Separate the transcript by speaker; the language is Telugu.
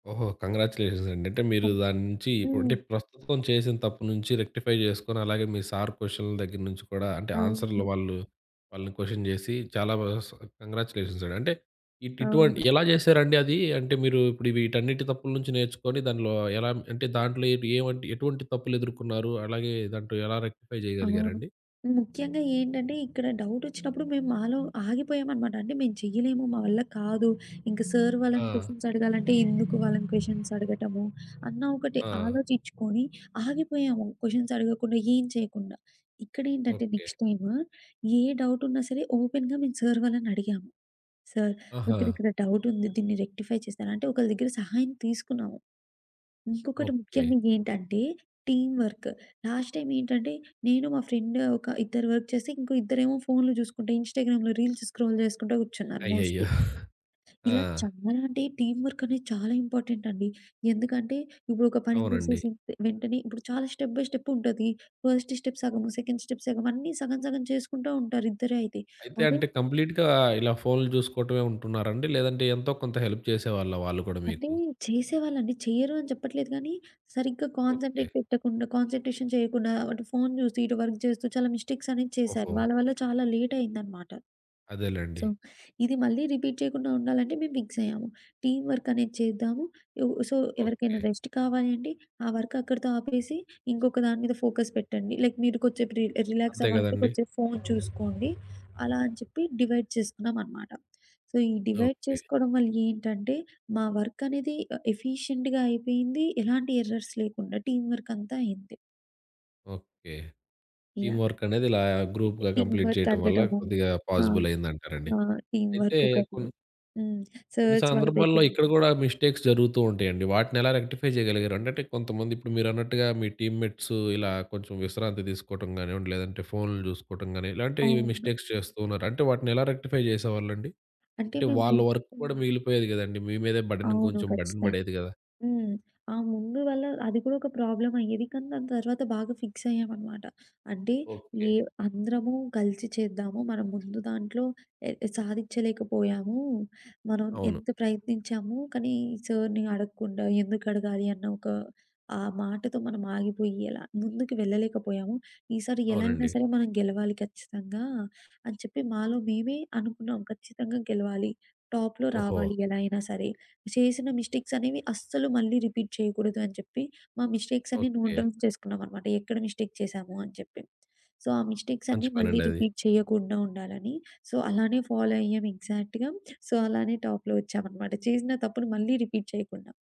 Speaker 1: ఓహో! కంగ్రాచులేషన్సండి. అంటే మీరు
Speaker 2: సరే.
Speaker 1: దాని నుంచీ
Speaker 2: హ్మ్.
Speaker 1: ఉంటే, ప్రస్తుతం చేసిన తప్పు నుంచి రెక్టిఫై జేసుకొని, అలాగే మీ సారు కొషన్‌ల దగ్గర నుంచి కూడా, అంటే, ఆన్సర్లు
Speaker 2: అవును.
Speaker 1: వాళ్ళు వాళ్ళని కొషన్ జేసి చాలా బా స్ కంగ్రాచులేషన్సండి. అంటే, ఇటు ఇటువంటి
Speaker 2: అవును.
Speaker 1: ఎలా జేశారండీ అదీ? అంటే, మీరు ఇప్పుడు వీటన్నిటి తప్పులు నుంచి నేర్చుకొని దానిలో ఎలా అంటే, దాంట్లో ఏబ్ ఏవంటి ఎటువంటి తప్పులెదురుకున్నారు? అలాగే, దాంట్లో ఎలా రెక్టిఫై
Speaker 2: అవును.
Speaker 1: జెయగలిగారండి?
Speaker 2: ముఖ్యంగా ఏంటంటే, ఇక్కడ డౌటొచ్చినప్పుడు మేము మాలో ఆగిపోయామనమాట. అంటే, మేం చెయ్యలేము, మా వల్ల కాదు, ఇంక సార్ వాళ్ళని
Speaker 1: ఆ!
Speaker 2: కొషన్సడగాలంటే, ఎందుకు వాళ్ళని క్వెషన్సడగటము అన్న ఒకటి
Speaker 1: ఆ!
Speaker 2: ఆలోచిచ్చుకోని ఆగిపోయాము క్వెషన్సడగకుండా, ఏం చెయకుండా. ఇక్కడేంటంటే,
Speaker 1: ఓకే.
Speaker 2: నెక్స్ట్ టైమ్ ఏ డౌటున్నా సరే ఓపెన్‌గా మేం సార్ వాళ్ళనడిగాము. "సార్,
Speaker 1: ఆహా!
Speaker 2: కొంచెమిక్కడ డౌటుంది, దీన్ని రెక్టిఫై చేస్తారా?" అంటే, ఒకళ్ళ దగ్గర సహాయం తీసుకున్నాము. ఇంకొకటి
Speaker 1: ఓకే.
Speaker 2: ముఖ్యంగా ఏంటంటే, టీమ్ వర్క్. లాస్ట్ టైమేంటంటే, నేను మా ఫ్రెండ్, ఒక ఇద్దరు వర్క్ చేసి, ఇంకో ఇద్దరేమో ఫోన్లు జూసుకుంట, ఇన్‌స్టాగ్రామ్‌లో రీల్స్ స్క్రోల్ చేసుకుంటా కూర్చున్నారు
Speaker 1: అయ్యయ్యో!
Speaker 2: మోస్ట్‌లీ.
Speaker 1: ఆ!
Speaker 2: ఇలా చాలా అంటే టీమ్ వర్కనేది చాలా ఇంపార్టెంటండి. ఎందుకంటే, ఇప్పుడు ఒక పని
Speaker 1: అవునండి.
Speaker 2: జేసేసి తె వెంటనే ఇప్పుడు చాలా స్టెప్ బై స్టెప్పుంటది. ఫస్ట్ స్టెప్ సగము, సెకండ్ స్టెప్ సగము, అన్నీ సగం సగం చేసుకుంటా ఉంటారు ఇద్దరే అయితే.
Speaker 1: అయితే,
Speaker 2: అదే
Speaker 1: అంటే, కంప్లీట్‌గా ఇలా ఫోన్లు జూసుకోటమే ఉంటున్నారండి? లేదంటే, ఎంతో కొంత హెల్ప్ చేసేవాళ్ళా వాళ్ళు కూడా
Speaker 2: అంటే,
Speaker 1: మీకు?
Speaker 2: చేసేవాళ్ళండి. చెయ్యరు అని చెప్పట్లేదు గానీ, సరిగ్గా
Speaker 1: ఓకే.
Speaker 2: కాన్సంట్రేట్ పెట్టకుండా కాన్సంట్రేషన్ చెయకుండా, అటు ఫోన్ జూసి, ఇటు వర్క్ జేస్తూ, చాలా మిస్టేక్సనేది చేశారు.
Speaker 1: ఓహో!
Speaker 2: వాళ్ళ వల్ల చాలా లేటయిందనమాట.
Speaker 1: అదేలెండి.
Speaker 2: సో, ఇది మళ్ళీ రిపీట్ చెయకుండా ఉండాలంటే, మేం ఫిక్సయ్యాము. టీమ్ వర్కనేది చేద్దాము, ఇవ్ సో, ఎవరికైనా
Speaker 1: ఓకే.
Speaker 2: రెస్ట్ కావాలి అంటే, ఆ వర్కక్కడతో ఆపేసి, ఇంకొక దాని మీద ఫోకస్ పెట్టండి. లైక్ మీరు కొద్దిసేపు రి
Speaker 1: అంతే
Speaker 2: రిలాక్సవ్వాలంటే
Speaker 1: గదండీ!
Speaker 2: కొంచేపు ఫోన్ చూసుకోండి. అలా అని చెప్పి డివైడ్ చేసుకున్నామనమాట. సో, ఈ డివైడ్
Speaker 1: ఓకే.
Speaker 2: చేసుకోడం వల్ల ఏంటంటే, మా వర్కనేది ఆహ్, ఎఫీషియంట్‌గా అయిపోయింది ఎలాంటి ఎర్రర్స్ లేకుండా. టీమ్ వర్కంతా అయింది.
Speaker 1: ఓకే. Team
Speaker 2: yeah!
Speaker 1: వర్కనేది ఇలా గ్రూప్‌గా
Speaker 2: టీమ్
Speaker 1: కంప్లీట్ చెయటం వల్ల
Speaker 2: వర్తడగటము.
Speaker 1: కొద్దిగా
Speaker 2: అవును.
Speaker 1: పాజిబులయిందంటారాండి.
Speaker 2: ఆ! టీమ్
Speaker 1: అయితే,
Speaker 2: వర్కొకటి.
Speaker 1: కొన్...
Speaker 2: హ్మ్.
Speaker 1: కొన్ని
Speaker 2: సార్స్ వాళ్ళ
Speaker 1: సందర్భాల్లో
Speaker 2: దాకెళ్ళి
Speaker 1: ఇక్కడ గూడా మిస్టేక్స్ జరుగుతూ ఉంటయండి. వాటినెలా రెక్టిఫై జెయగలిగారు? అంటంటే, కొంతమంది ఇప్పుడు మీరన్నట్టుగా మీ టీమ్‌మెట్స్ ఇలా కొంచెం విశ్రాంతి తీసుకోటం గానివ్వండి, లేదంటే ఫోన్లు జూసుకోటం గానీ, ఇలాంటీ
Speaker 2: అవును.
Speaker 1: మిస్టేక్స్ చేస్తూ ఉన్నారు. అంటే, వాటినెలా రెక్టిఫై జేసేవాళ్ళండి?
Speaker 2: అంటే
Speaker 1: అంటే,
Speaker 2: మేము
Speaker 1: వాళ్ళ
Speaker 2: హ్మ్.
Speaker 1: వర్క్ కూడా మిగిలిపోయేది గదండీ! మీ మీదే బర్డెన్,
Speaker 2: అవును.
Speaker 1: ఇంకొంచెం బర్డెన్
Speaker 2: ఖచ్చితంగా!
Speaker 1: బడేది గదా!
Speaker 2: హ్మ్. ఆ ముందు వల్ల అది కూగొక ప్రాబ్లమయ్యేది, కానీ దాని తర్వాత బాగా ఫిక్సయ్యామనమాట. అంటే,
Speaker 1: ఓకే.
Speaker 2: ఏవ్ అందరము కలిసి చేద్దాము. మనం ముందు దాంట్లో ఎ సాధిచ్చలేకపోయాము. మనం
Speaker 1: అవును.
Speaker 2: ఎంత ప్రయత్నించాము కానీ, సర్‌ని అడగకుండా, ఎందుకడగాలి అన్న ఒక ఆ మాటతో మనమాగిపొయ్యి అలా ముందుకి వెళ్ళలేకపోయాము. ఈసారి ఎలా అయినా
Speaker 1: అవునండి.
Speaker 2: సరే! మనం గెలవాలి ఖచ్చితంగా అని చెప్పి మాలో మేమే అనుకున్నాం. ఖచ్చితంగా గెలవాలి, టాప్‌లో
Speaker 1: ఓహో!
Speaker 2: రావాలి ఎలా అయినా సరే! ఇప్పుడు చేసిన మిస్టేక్సనేవి అస్సలు మళ్ళీ రిపీట్ చెయకూడదు అని చెప్పి, మా మిస్టేక్సన్నీ నోట్
Speaker 1: ఓకే.
Speaker 2: డౌన్స్ చేసుకున్నానమాట ఎక్కడ మిస్టేక్ చేశాము అని జెప్పి. సో, ఆ
Speaker 1: మంచి
Speaker 2: మిస్టేక్సన్నీ మళ్ళీ
Speaker 1: పనండది.
Speaker 2: రిపీట్ చెయ్యకుండా ఉండాలనీ, సో, అలానే ఫాలో. అయ్యామెగ్జాక్ట్‌గా. సో, అలానే టాప్‌లో ఒచ్చామనమాట, చేసిన తప్పును మళ్ళీ రిపీట్ చెయకుండా.